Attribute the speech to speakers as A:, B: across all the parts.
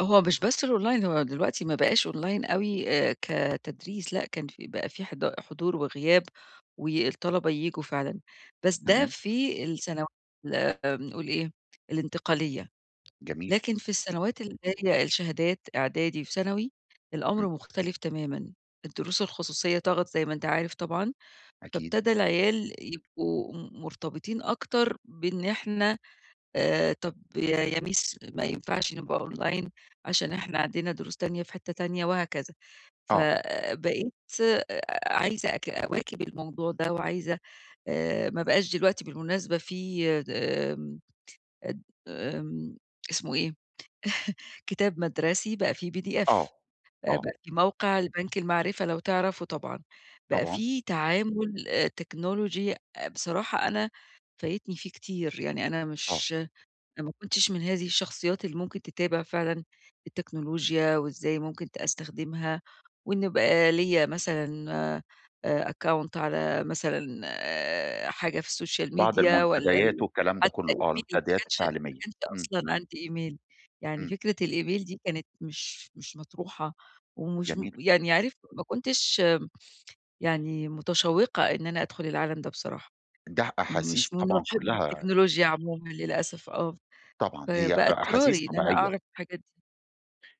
A: هو مش بس الأونلاين هو دلوقتي ما بقاش أونلاين أوي آآ، كتدريس لأ كان في بقى في حض حضور وغياب، والطلبة ييجوا فعلًا، بس ده
B: تمام.
A: في السنو [unintelligible] بنقول إيه الانتقالية.
B: جميل.
A: لكن في السنوات اللي هي الشهادات إعدادي وثانوي
B: إمم.
A: الأمر مختلف تمامًا، الدروس الخصوصية طَغَت زي ما أنت عارف طبعًا،
B: أكيد.
A: فابتدى العيال يبقوا م مرتبطين أكتر، بإن إحنا آآ، طب ي يا مِس ما ينفعش نبقى أونلاين عشان إحنا عندنا دروس تانية في حتة تانية وهكذا، ف
B: آه.
A: بقيت أ عايزة أك أواكب الموضوع ده وعايزة آآ، ما بقاش دلوقتي بالمناسبة في دم أد آمم اسمه إيه؟ كتاب مَدرسي بقى في PDF
B: آه، آه.
A: بقى في موقع البنك المَعرِفة، لو تعرفه طبعًا، بقى
B: طبعًا.
A: في تعامل آآ تكنولوجي بصراحة أنا فايتني فيه كتير، يعني أنا
B: آه.
A: مش أنا ما كنتش من هذه الشخصيات اللي ممكن تتابع فعلًا التكنولوجيا، وإزاي ممكن ت أستخدمها، وإن بقى ليا مثلًا أ أكّونت على مثلًا حاجة في السوشيال
B: بعض
A: ميديا والّا
B: المنتديات
A: ال
B: والكلام ده
A: حتى
B: كله
A: إيميلي
B: آه،
A: ما
B: المنتديات
A: كانش ما
B: التعليمية،
A: كانش
B: إمم.
A: أصلًا عندي إيميل يعني
B: إمم,
A: فكرة الإيميل دي كانت مش مش مطروحة ومشم
B: جميل.
A: يعني عارف ما كنتش يعني متشوّقة إن أنا أدخل العالم ده بصراحة.
B: ده أحاسيس
A: مش من
B: طبعًا
A: مُحبّي
B: كلها
A: التكنولوجيا عمومًا للأسف آه،
B: طبعًا، هي
A: فبقى
B: أ أحاسيس
A: اضطراري إن أنا
B: طبيعية.
A: أعرف الحاجات دي.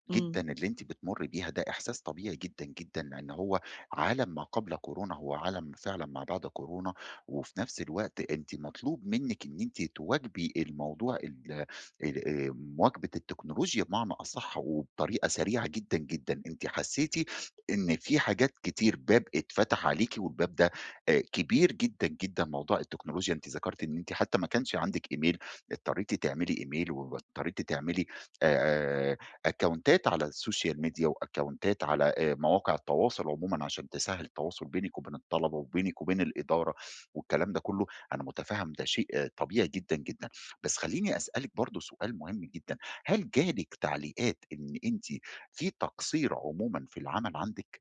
B: جدًا،
A: إمم.
B: اللي أنتِ بتمُرّي بيها ده إحساس طبيعي جدًا، جدًا، لإن هو عالم ما قبل كورونا، هو عالم فعلًا ما بعد كورونا، وفي نفس الوقت أنتِ مطلوب منِّك إن أنتِ تواكبي الموضوع ال آآ، آمم، مواكبة التكنولوجيا بمعنى أصح وبطريقة سريعة جدًا، جدًا. أنتِ حسّيتِ إن في حاجات كتير باب اتفتح عليكِ والباب ده آآ كبير جدًا، جدًا، موضوع التكنولوجيا أنتِ ذَكَرتِ إن أنتِ حتى ما كانش عندِك إيميل اضطريتِ تعملي إيميل واضطريتِ تعملي آآ، أكّونتات على السوشال ميديا وأكّونتات على آآ مواقع التواصل عمومًا، عشان تسهّل التواصل بينِك وبين الطلبة، وبينِك وبين الإدارة والكلام ده كله، أنا مُتفهّم ده شيء طبيعي جدًا، جدًا، بس خلّيني أسألِك برضو سؤال مهم جدًا، هل جالِك تعليقات إن أنتِ في تقصير عمومًا في العمل عندِك؟